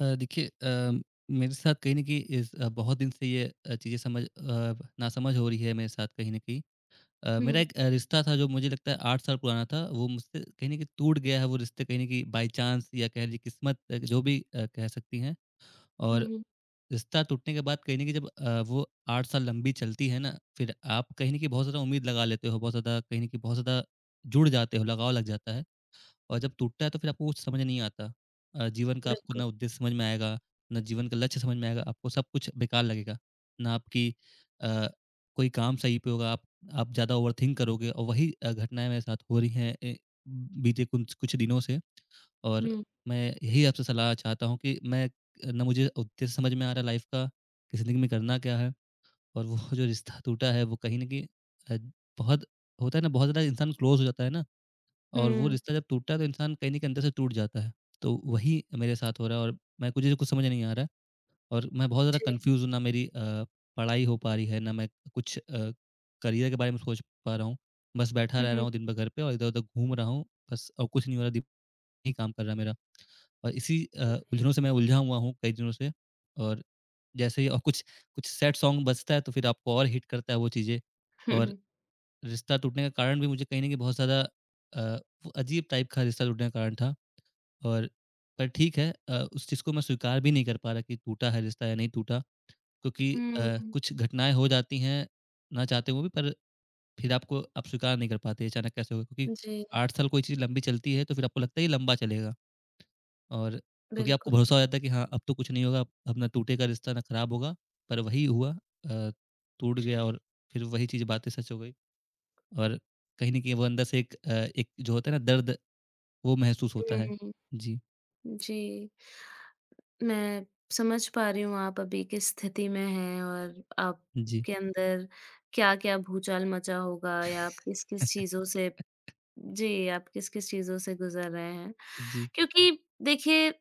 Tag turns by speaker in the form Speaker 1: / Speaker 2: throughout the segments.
Speaker 1: अ, देखिए अ, मेरे साथ कहीं न कहीं इस अ, बहुत दिन से यह चीज़ समझ अ, ना समझ हो रही है मेरे साथ कहीं न कहीं अ, मेरा
Speaker 2: हुँ।
Speaker 1: एक अ, रिश्ता था जो मुझे लगता है 8 साल पुराना था, वो मुझसे कहीं न कहीं टूट गया है वो रिश्ता कहीं न कहीं बाय चाँस या कह लीजिए क़िस्मत एक जो भी अ, कह सकती हैं
Speaker 2: हुँ,
Speaker 1: और
Speaker 2: हुँ।
Speaker 1: रिश्ता टूटने के बाद कहीं न कहीं जब अ, वो 8 साल लंबी चलती है ना, फिर आप कहीं न कहीं बहुत ज़्यादा उम्मीद लगा लेते हो, बहुत ज़्यादा कहीं न कहीं बहुत ज़्यादा जुड़ जाते हो, लगाव लग जाता है और जब टूटता है तो फिर आपको कुछ समझ नहीं आता अ, जीवन का आपको
Speaker 2: बिल्कुल।
Speaker 1: ना उद्देश्य समझ में आएगा, ना जीवन का लक्ष्य समझ में आएगा, आपको सब कुछ बेकार लगेगा। ना आपकी अ, कोई काम सही पे होगा, आप आप ज़्यादा ओवरथिंक करोगे और वही अ, घटनाएँ मेरे साथ हो रही हैं अ, बीते कुँछ कुछ दिनों से और
Speaker 2: हुँ।
Speaker 1: मैं यही आपसे सलाह चाहता हूँ कि मैं अ, ना मुझे उद्देश्य समझ में आ रहा है लाइफ़ का, ज़िंदगी में करना क्या है और वो जो रिश्ता टूटा है वो कहीं न कहीं अ, बहुत होता है ना बहुत ज़्यादा इंसान क्लोज़ हो जाता है ना और वो
Speaker 2: हुँ।
Speaker 1: रिश्ता जब टूटता है तो इंसान कहीं न कहीं अंदर से टूट जाता है। तो वही मेरे साथ हो रहा है और मैं मुझे कुछ समझ नहीं आ रहा है और मैं बहुत ज़्यादा
Speaker 2: जी।
Speaker 1: कन्फ्यूज़्ड हूँ ना मेरी अ, पढ़ाई हो पा रही है, ना मैं कुछ अ, करिअर के बारे में सोच पा रहा हूँ, बस बैठा
Speaker 2: हुँ,
Speaker 1: रह रहा
Speaker 2: हुँ।
Speaker 1: हूँ दिन भर घर पे और इधर-उधर घूम रहा हूँ बस और कुछ नहीं हो रहा दिम ही काम कर रहा है मेरा और इसी अ,
Speaker 2: जी।
Speaker 1: उलझनों से मैं उलझा हुआ हूँ कई दिनों से और जैसे ही अ, कुछ कुछ सैड सॉन्ग बजता है तो फिर आपको और हिट करता है वो चीज़ें
Speaker 2: हुँ,
Speaker 1: और
Speaker 2: हुँ।
Speaker 1: रिश्ता टूटने का कारण भी मुझे कहीं न कहीं बहुत ज़्यादा अ, वो अजीब टाइप का रिश्ता टूटने का कारण था और पर ठीक है अ, उस चीज़ को मैं स्वीकार भी नहीं कर पा रहा कि टूटा है रिश्ता या नहीं टूटा क्योंकि अ,
Speaker 2: हुँ।
Speaker 1: कुछ घटनाएँ हो जाती हैं, ना चाहते हुए भी पर फिर आपको आप स्वीकार नहीं कर पाते, अचानक कैसे हो गए क्योंकि
Speaker 2: जी।
Speaker 1: 8 साल कोई चीज़ लंबी चलती है, तो फिर आपको लगता है ये लंबा चलेगा और क्योंकि आपको
Speaker 2: बिल्कुल।
Speaker 1: भरोसा हो जाता है कि हाँ, अब तो कुछ नहीं होगा, अब अब ना टूटेगा रिश्ता, ना खराब होगा, पर वही हुआ अ, टूट गया और फिर वही चीज़ बातें सच हो गई और कहीं न कहीं वो अंदर से एक अ, एक जो होता है ना दर्द, वो महसूस होता
Speaker 2: हुँ,
Speaker 1: है।
Speaker 2: हुँ।
Speaker 1: जी।
Speaker 2: जी। मैं समझ पा रही हूँ आप अभी किस स्थिति में हैं और
Speaker 1: जी।
Speaker 2: आपके अंदर क्या-क्या भूचाल मचा होगा या आप किस-किस चीज़ों से जी, आप किस-किस चीज़ों से गुज़र रहे हैं
Speaker 1: जी।
Speaker 2: क्योंकि देखिए,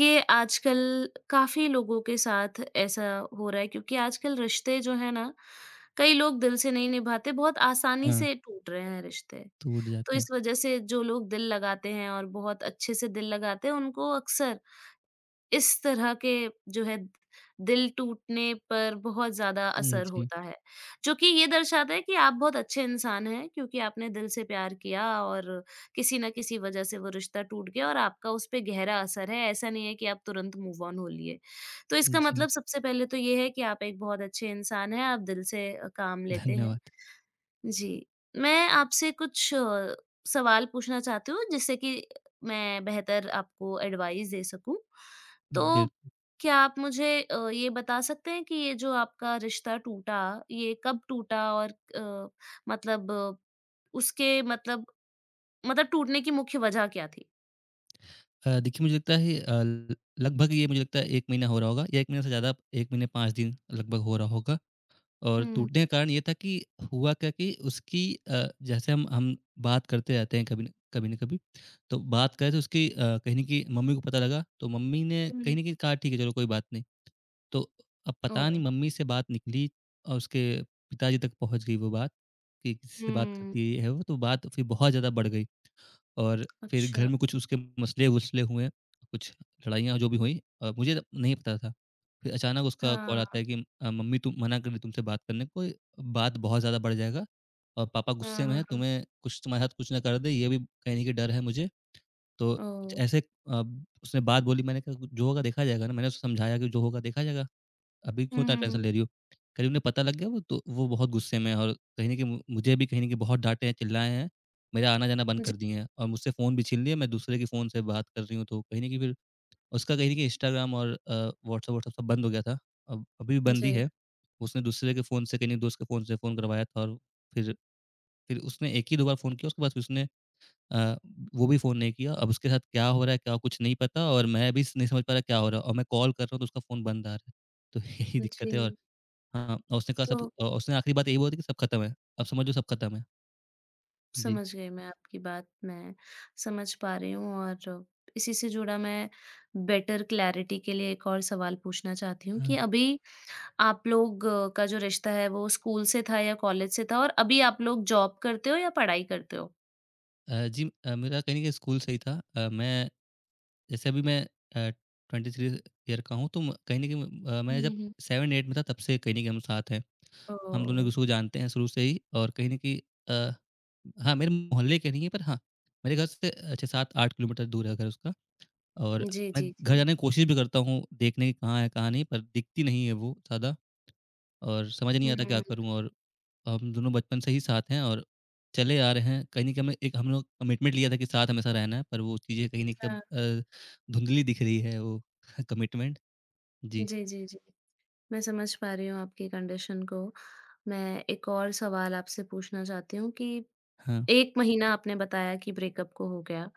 Speaker 2: ये आजकल काफ़ी लोगों के साथ ऐसा हो रहा है, क्योंकि आजकल रिश्ते जो हैं ना कई लोग दिल से नहीं निभाते, बहुत आसानी
Speaker 1: हाँ।
Speaker 2: से टूट रहे हैं रिश्ते,
Speaker 1: टूट
Speaker 2: तो
Speaker 1: जाते हैं।
Speaker 2: इस वज़ह से जो लोग दिल लगाते हैं और बहुत अच्छे से दिल लगाते हैं उनको अक्सर इस तरह के जो है दिल टूटने पर बहुत ज़्यादा
Speaker 1: उम,
Speaker 2: असर
Speaker 1: जी।
Speaker 2: होता है, जो कि ये दर्शाता है कि आप बहुत अच्छे इंसान हैं क्योंकि आपने दिल से प्यार किया और किसी ना किसी वज़ह से वो रिश्ता टूट गया और आपका उस पे गहरा असर है, ऐसा नहीं है कि आप तुरंत मूव ऑन हो लिए। तो इसका
Speaker 1: जी।
Speaker 2: मतलब सबसे पहले तो ये है कि आप एक बहुत अच्छे इंसान हैं, आप दिल से काम लेते हैं,
Speaker 1: धन्यवाद।
Speaker 2: जी। मैं आपसे कुछ सवाल पूछना चाहती हूँ जिससे कि मैं बेहतर आपको एडवाइज़ दे सकूँ, तो
Speaker 1: बिल्कु
Speaker 2: क्या आप मुझे अ, ये बता सकते हैं कि ये जो आपका रिश्ता टूटा ये कब टूटा और अ, मतलब उसके मतलब टूटने की मुख्य वज़ह क्या थी?
Speaker 1: अ, देखिए, मुझे लगता है अ, ल लगभग ये मुझे लगता है, 1 महीना हो रहा होगा, 1 महीने से ज़्यादा, 1 महीने 5 दिन लगभग हो रहा होगा, और
Speaker 2: हुँ।
Speaker 1: टूटने का कारण ये था कि हुआ क्या कि उसकी अ, जैसे हम हम बात करते रहते हैं कभी न कभी न कभी, तो बात करें तो उसकी अ, कहीं न कहीं मम्मी को पता लगा, तो मम्मी ने कहीं
Speaker 2: हुँ।
Speaker 1: न कहीं कहा, "ठीक है, चलो कोई बात नहीं।" तो अ, अब पता नहीं
Speaker 2: ओह।
Speaker 1: मम्मी से बात निकली और उसके पिताजी तक पहुँच गई वो बात, कि, "किससे बात
Speaker 2: हुँ।
Speaker 1: करती है ये? है वो।" तो बात फिर बहुत ज़्यादा बढ़ गई और फिर घर
Speaker 2: अच्छा।
Speaker 1: में कुछ उसके मसले-वसले हुए, कुछ लड़ाइयाँ जो भी हुईं, अ, मुझे तब नहीं पता था। फिर अचानक उसका कॉल आता
Speaker 2: हाँ।
Speaker 1: है कि अ, "मम्मी तो मना कर दी तुमसे बात करने। कोई बात बहुत ज़्यादा बढ़ जाएगा और पापा गुस्से
Speaker 2: हाँ,
Speaker 1: में हैं,
Speaker 2: हाँ, हाँ।
Speaker 1: तुम्हें कुछ तुम्हारे साथ कुछ ना कर दें, ये भी कहीं न कहीं डर है मुझे।" तो कुछ
Speaker 2: ओह!
Speaker 1: ऐसे अ, उसने बात बोली। मैंने कहा गु जो होगा देखा जाएगा ना। मैंने उसे समझाया कि, "जो होगा देखा जाएगा। अभी क्यों
Speaker 2: हुँ,
Speaker 1: इतना
Speaker 2: हुँ,
Speaker 1: टेंशन
Speaker 2: हुँ।
Speaker 1: ले रही हो?" कह रही, "उन्हें पता लग गया, वो तो वो बहुत गुस्से में हैं और कहीं न कहीं मु मुझे भी कहीं न कहीं बहुत डाँटे हैं, चिल्लाए हैं। मेरा आना-जाना बंद
Speaker 2: जी।
Speaker 1: कर दिए हैं और मुझसे फोन भी छीन लिए हैं, मैं दूसरे के फोन से बात कर रही हूँ।" तो कहीं न कहीं फिर, उसका कहीं न कहीं इंस्टाग्राम और अ, व्हॉट्सएप-व्हॉट्सएप सब बंद हो गया था। अब अभी भी बंद ही
Speaker 2: जी।
Speaker 1: है, उसने दूसरे के फोन से, कहीं न एक दोस्त के फोन से फोन करवाया था और फिर फिर उसने एक ही दो बार फोन किया, उसके बाद फिर उसने अ, वो भी फोन नहीं किया। अब उसके साथ क्या हो रहा है, क्या, कुछ नहीं पता और मैं भी स नहीं समझ पा रहा, क्या हो रहा है और मैं कॉल कर रहा हूँ, तो उसका फोन बंद आ रहा है। तो यही दिक्कत है और
Speaker 2: जी।
Speaker 1: हाँ, और उसने कहा सब
Speaker 2: तो
Speaker 1: अ, उसने आखिरी बात यही बोला था कि, "सब खत्म है, अब समझो सब खत्म है।" जी।
Speaker 2: समझ गई मैं आपकी बात। मैं समझ पा रही हूँ और इसी से जुड़ा मैं बेटर क्लैरिटी के लिए एक और सवाल पूछना चाहती हूँ कि
Speaker 1: हाँ।
Speaker 2: अभी, आप लोगों का जो रिश्ता है, वो स्कूल से था या कॉलेज से था? और अभी आप लोग जॉब करते हो या पढ़ाई करते हो?
Speaker 1: अ जी, अ मेरा कहीं न कहीं स्कूल से ही था। अ, मैं जैसे अभी मैं अ, 23 ईयर का हूँ तो म कहीं न कहीं म अ, मैं
Speaker 2: हुँ,
Speaker 1: जब
Speaker 2: हुँ।
Speaker 1: 7-8 में था तब से कहीं न कहीं हम साथ हैं। हम दोनों
Speaker 2: ओह!
Speaker 1: एक-दूसरे को जानते हैं शुरू से ही और कहीं न कहीं, अ हाँ, मेरे मोहल्ले के नहीं हैं पर हाँ, मेरे घर से अच्छा 7-8 किलोमीटर दूर है घर उसका और
Speaker 2: जी,
Speaker 1: मैं
Speaker 2: जी,
Speaker 1: घर
Speaker 2: जी।
Speaker 1: जाने की कोशिश भी करता हूँ देखने कि कहाँ है कहाँ नहीं, पर दिखती नहीं है वो ज़्यादा और समझ नहीं
Speaker 2: हुँ,
Speaker 1: आता
Speaker 2: हुँ।
Speaker 1: क्या
Speaker 2: हुँ।
Speaker 1: करूँ और हम दोनों बचपन से ही साथ हैं और चले आ रहे हैं, कहीं न कहीं अम एक हम लोग कमिटमेंट लिया था कि साथ हमेशा रहना है पर वो चीज़ें कहीं न कहीं अब
Speaker 2: हाँ।
Speaker 1: अ, धुंधली दिख रही है वो कमिटमेंट। जी।
Speaker 2: जी, जी, जी। मैं समझ पा रही हूँ आपकी कंडीशन को। मैं एक और सवाल आपसे पूछना चाहती हूँ कि
Speaker 1: हाँ।
Speaker 2: 1 महीना आपने बताया कि ब्रेकअप हो गया।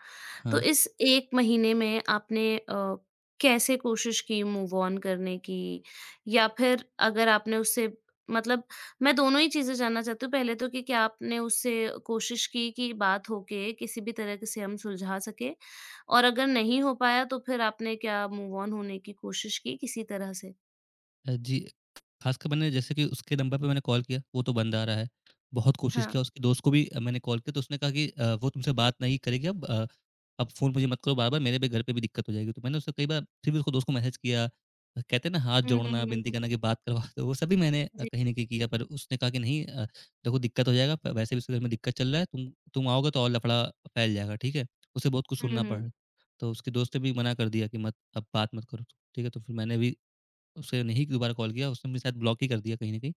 Speaker 2: तो
Speaker 1: हाँ।
Speaker 2: इस 1 महीने में आपने अ, कैसे कोशिश की मूव ऑन करने की या फिर अगर आपने उससे मतलब मैं दोनों ही चीज़ें जानना चाहती हूँ। पहले तो कि क्या आपने उससे कोशिश की कि बात होके किसी भी तरह से हम सुलझा सकें? और अगर नहीं हो पाया तो फिर आपने क्या मूव ऑन होने की कोशिश की किसी तरह से?
Speaker 1: अ, जी, खासकर मैंने जैसे कि उसके नंबर पे मैंने कॉल किया, वो तो बंद आ रहा है। बहुत कोशिश
Speaker 2: हाँ।
Speaker 1: किया, उसके दोस्त को भी मैंने कॉल किया तो उसने कहा कि अ, वो तुमसे बात नहीं करेगी अब अ, अब फ़ोन मुझे मत करो बार-बार, मेरे भी घर पे भी दिक्कत हो जाएगी, तो मैंने उसे कई बार फिर भी उसके दोस्त को मैसेज किया, कहते हैं ना हाथ
Speaker 2: हुँ, हुँ,
Speaker 1: जोड़ना, विनती
Speaker 2: हुँ।
Speaker 1: करना कि बात करवा दो। वो सब भी मैंने
Speaker 2: जी।
Speaker 1: कहीं न कहीं किया, पर उसने कहा कि नहीं अ, देखो दिक्कत हो जाएगा, वैसे भी उसके घर में दिक्कत चल रहा है। तुम तुम आओगे तो और लफड़ा फैल जाएगा, ठीक है? उसे बहुत कुछ
Speaker 2: हुँ,
Speaker 1: सुनना पड़ रहा
Speaker 2: हुँ।
Speaker 1: है। तो उसके दोस्त ने भी मना कर दिया कि मत अब बात मत करो, ठीक है? तो फिर मैंने भी उसे नहीं दोबारा कॉल किया, उसने मुझे शायद ब्लॉक ही कर दिया कहीं न कहीं।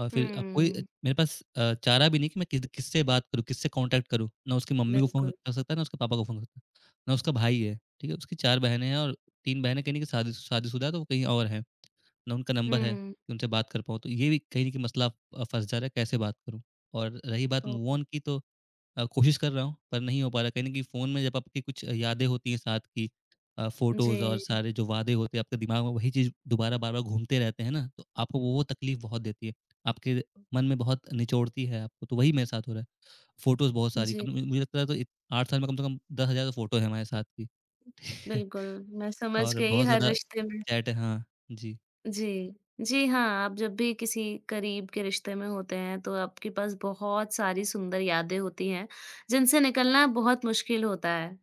Speaker 1: और फिर अब कोई
Speaker 2: हुँ।
Speaker 1: मेरे पास अ, चारा भी नहीं कि मैं कि किससे बात करूँ, किससे कॉन्टैक्ट करूँ, ना उसकी मम्मी को फ़ोन
Speaker 2: बिल्कुल।
Speaker 1: कर सकता है, ना उसके पापा को फ़ोन कर ना उसका भाई है, ठीक है? उसकी 4 बहनें हैं और 3 बहनें कहीं न कहीं शादी शादीशुदा हैं, तो वो कहीं और हैं, ना उनका नंबर है
Speaker 2: हुँ।
Speaker 1: कि उनसे बात कर पाऊँ। तो ये भी कहीं न कहीं मसला फँस जा रहा है, कैसे बात करूँ? और रही बात मूव
Speaker 2: ओह।
Speaker 1: ऑन की, तो अ, कोशिश कर रहा हूँ पर नहीं हो पा रहा, कहीं न कहीं फ़ोन में जब आपकी कुछ यादें होती हैं साथ की अ, फ़ोटोज़ और
Speaker 2: जी।
Speaker 1: सारे जो वादे होते हैं, आपके दिमाग में वही चीज़ दोबारा बार-बार घूमते रहते हैं ना? तो आपको वो तकलीफ़ बहुत देती है, आपके मन में बहुत निचोड़ती है आपको। तो वही मेरे साथ हो रहा है। फोटोज़ बहुत सारी
Speaker 2: जी।
Speaker 1: मुझे लगता है 8 साल में कम से कम 10 हज़ार फोटो हैं हमारे साथ की
Speaker 2: बिल्कुल, मैं समझ
Speaker 1: और
Speaker 2: गई
Speaker 1: बहुत
Speaker 2: हर
Speaker 1: ज़्यादा
Speaker 2: रिश्ते में
Speaker 1: चैट है। हाँ, जी।
Speaker 2: जी। जी हाँ, आप जब भी किसी करीब के रिश्ते में होते हैं तो आपके पास बहुत सारी सुंदर यादें होती हैं, जिनसे निकलना बहुत मुश्किल होता है।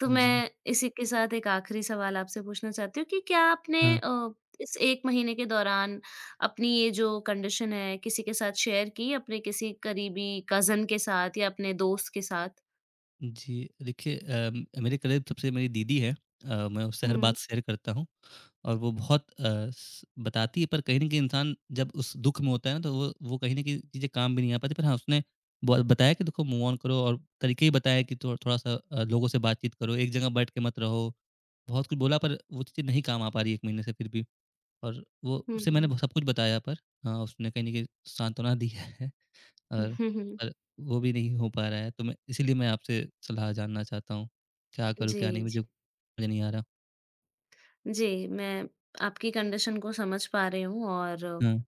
Speaker 2: तो
Speaker 1: जी।
Speaker 2: मैं इसी के साथ एक आखिरी सवाल आपसे पूछना चाहती हूँ कि क्या आपने
Speaker 1: हाँ।
Speaker 2: अ, इस 1 महीने के दौरान, अपनी ये जो कंडीशन है किसी के साथ शेयर की, अपने किसी करीबी कज़िन के साथ या अपने दोस्त के साथ?
Speaker 1: जी, देखिए अ, मेरे करीब सबसे मेरी दीदी हैं अ, मैं उससे हर
Speaker 2: हुँ।
Speaker 1: बात शेयर करता हूँ और वो बहुत अ, बताती है, पर कहीं न कहीं इंसान जब उस दुख में होता है ना, तो वो वो कहीं न कहीं चीज़ें काम भी नहीं आ पाती, पर हाँ, उसने ब बताया कि देखो, मूव ऑन करो और तरीके भी बताए कि थोड़ा थोड़ा सा अ, लोगों से बातचीत करो, एक जगह बैठ के मत रहो। बहुत कुछ बोला, पर वो चीज़ें नहीं काम आ पा रहीं 1 महीने से, फिर भी। और वो उसे मैंने
Speaker 2: हुँ।
Speaker 1: भ सब कुछ बताया पर हाँ, उसने कहीं न कहीं सांत्वना दी है और और वो भी नहीं हो पा रहा है, तो मैं इसलिए मैं आपसे सलाह जानना चाहता हूँ, क्या करूँ? क्या नहीं?
Speaker 2: जी, जी।
Speaker 1: मुझे समझ नहीं आ रहा।
Speaker 2: जी, मैं आपकी कंडीशन को समझ पा रही हूँ और
Speaker 1: हुँ।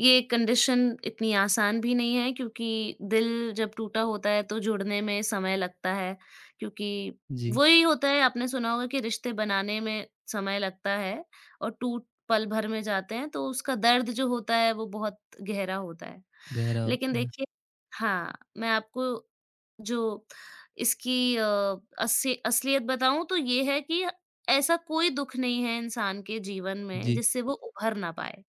Speaker 2: ये कंडीशन इतनी आसान भी नहीं है, क्योंकि दिल जब टूटा होता है, तो जुड़ने में समय लगता है। क्योंकि
Speaker 1: जी।
Speaker 2: वही होता है, आपने सुना होगा कि रिश्ते बनाने में समय लगता है और टूट पल भर में जाते हैं, तो उसका दर्द जो होता है, वो बहुत गहरा होता है।
Speaker 1: गहरा
Speaker 2: लेकिन
Speaker 1: होता है।
Speaker 2: देखिए हाँ, मैं आपको जो इसकी अ, असी असलियत बताऊँ, तो ये है कि ऐसा कोई दुख नहीं है इंसान के जीवन में,
Speaker 1: जी।
Speaker 2: जिससे वो उभर ना पाए।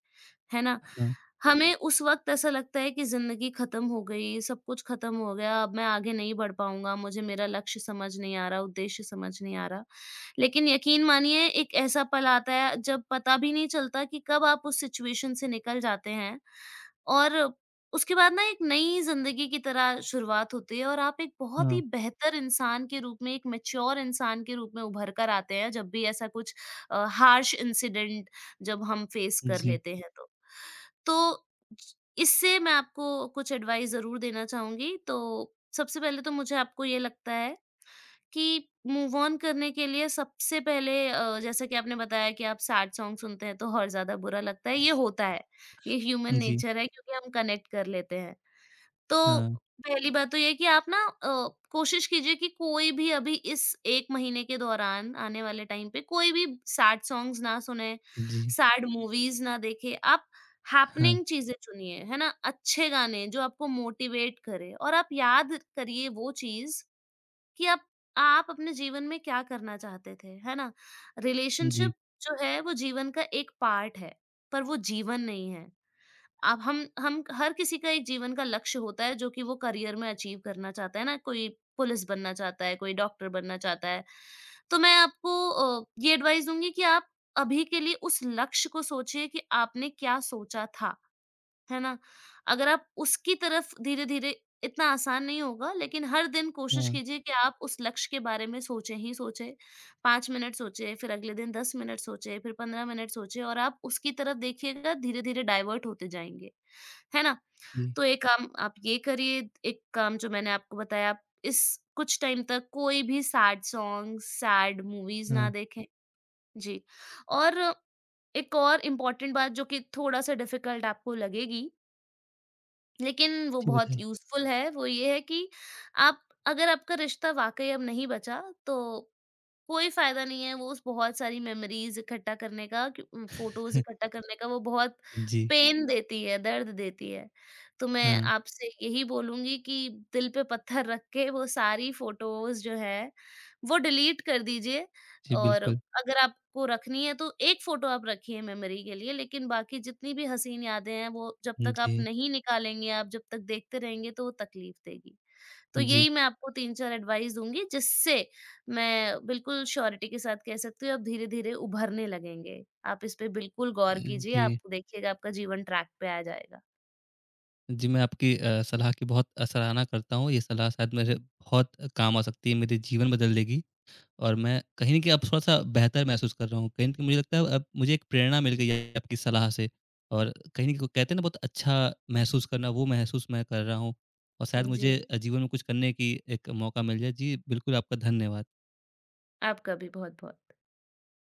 Speaker 2: है ना?
Speaker 1: हाँ।
Speaker 2: हमें उस वक़्त ऐसा लगता है कि ज़िंदगी खत्म हो गई, सब कुछ खत्म हो गया, अब मैं आगे नहीं बढ़ पाऊँगा, मुझे मेरा लक्ष्य समझ नहीं आ रहा, उद्देश्य समझ नहीं आ रहा। लेकिन यकीन मानिए, एक ऐसा पल आता है, जब पता भी नहीं चलता कि कब आप उस सिचुएशन से निकल जाते हैं। और उसके बाद ना, एक नई ज़िंदगी की तरह शुरुआत होती है और आप एक बहुत ही
Speaker 1: हाँ।
Speaker 2: बेहतर इंसान के रूप में, एक मैच्योर इंसान के रूप में उभर कर आते हैं, जब भी ऐसा कुछ अ, हार्श इन्सिडेंट जब हम फेस कर
Speaker 1: जी।
Speaker 2: लेते हैं। तो इससे मैं आपको कुछ एडवाइस ज़रूर देना चहूँगी, तो सबसे पहले तो मुझे आपको ये लगता है, कि मूव ऑन करने के लिए सबसे पहले अ, जैसा कि आपने बताया कि आप सैड सॉन्ग सुनते हैं, तो और ज़्यादा बुरा लगता है, ये होता है। ये ह्यूमन
Speaker 1: जी।
Speaker 2: नेचर है, क्योंकि हम कनेक्ट कर लेते हैं। तो
Speaker 1: हाँ।
Speaker 2: पहली बात तो ये है कि आप ना अ, कोशिश कीजिए कि कोई भी अभी इस 1 महीने के दौरान आने वाले टाइम पे, कोई भी सैड सॉन्ग्स ना सुनें,
Speaker 1: जी।
Speaker 2: सैड मूवीज़ ना देखें। आप
Speaker 1: हाँ।
Speaker 2: हैपनिंग चीज़ें चुनिए, है ना? अच्छे गाने, जो आपको मोटिवेट करें और आप याद करिए वो चीज़, कि अब आप अपने जीवन में क्या करना चाहते थे, है ना?
Speaker 1: जी।
Speaker 2: रिलेशनशिप जो है, वो जीवन का एक पार्ट है, पर वो जीवन नहीं है। अब हम हम, हर किसी का एक जीवन का लक्ष्य होता है, जो कि वो करियर में अचीव करना चाहता है ना। कोई पुलिस बनना चाहता है, कोई डॉक्टर बनना चाहता है, तो मैं आपको अ, ये एडवाइस दूँगी कि आप अभी के लिए उस लक्ष्य को सोचिए कि आपने क्या सोचा था। है ना? अगर आप उसकी तरफ धीरे-धीरे इतना आसान नहीं होगा, लेकिन हर दिन कोशिश
Speaker 1: हाँ।
Speaker 2: कीजिए कि आप उस लक्ष्य के बारे में सोचें ही सोचें। 5 मिनट सोचें, फिर अगले दिन 10 मिनट सोचें, फिर 15 मिनट सोचें और आप उसकी तरफ देखिएगा, धीरे-धीरे डाइवर्ट होते जाएँगे। है ना?
Speaker 1: जी।
Speaker 2: तो एक काम आप ये करिए, एक काम जो मैंने आपको बताया, इस कुछ टाइम तक कोई भी सैड सॉन्ग्स, सैड मूवीज़ ना
Speaker 1: हाँ।
Speaker 2: देखें। जी। और एक और इम्पॉर्टेंट बात, जो कि थोड़ा सा डिफिकल्ट आपको लगेगी लेकिन वो
Speaker 1: जी
Speaker 2: बहुत
Speaker 1: बताइए।
Speaker 2: यूज़फुल है। वो ये है कि आप अगर आपका रिश्ता वाक़ई अब नहीं बचा तो, कोई फ़ायदा नहीं है उस बहुत सारी मेमोरीज़ इकट्ठा करने का उम, फ़ोटोज़ इकट्ठा करने का, वो बहुत
Speaker 1: जी।
Speaker 2: पेन देती है, दर्द देती है। तो मैं
Speaker 1: हाँ।
Speaker 2: आपसे यही बोलूँगी कि दिल पे पत्थर रख के वो सारी फ़ोटोज़ जो है वो डिलीट कर दीजिए
Speaker 1: जी
Speaker 2: और
Speaker 1: बिल्कुल।
Speaker 2: अगर आपको रखनी है तो एक फ़ोटो आप रखिए मेमोरी के लिए। लेकिन बाकी जितनी भी हसीन यादें हैं वो जब
Speaker 1: हुँ,
Speaker 2: तक आप
Speaker 1: जी।
Speaker 2: नहीं निकालेंगे, आप जब तक देखते रहेंगे तो वो तकलीफ़ देगी। तो
Speaker 1: जी।
Speaker 2: यही मैं आपको 3-4 एडवाइस दूँगी जिससे मैं बिल्कुल श्योरिटी के साथ कह सकती हूँ आप धीरे-धीरे उभरने लगेंगे। आप इस पर बिल्कुल
Speaker 1: अ,
Speaker 2: गौर कीजिए आप
Speaker 1: जी।
Speaker 2: देखिएगा आपका जीवन ट्रैक पे आ जाएगा।
Speaker 1: जी, मैं आपकी अ, सलाह की बहुत अ, सराहना करता हूँ। ये सलाह शायद मेरे बहुत अ, काम आ सकती है, मेरे जीवन बदल देगी, और मैं कहीं न कहीं अब थोड़ा-सा बेहतर महसूस कर रहा हूँ। कहीं न कहीं मुझे लगता है मुझे एक प्रेरणा मिल गई है आपकी सलाह से। और कहीं न कहीं वो कहते हैं ना बहुत अच्छा महसूस करना वो महसूस मैं कर रहा हूँ। और शायद
Speaker 2: हुँ,
Speaker 1: मुझे
Speaker 2: जी।
Speaker 1: अ, जीवन में कुछ करने की एक मौका मिल जाए। जी, बिल्कुल आपका धन्यवाद।
Speaker 2: आपका भी बहुत-बहुत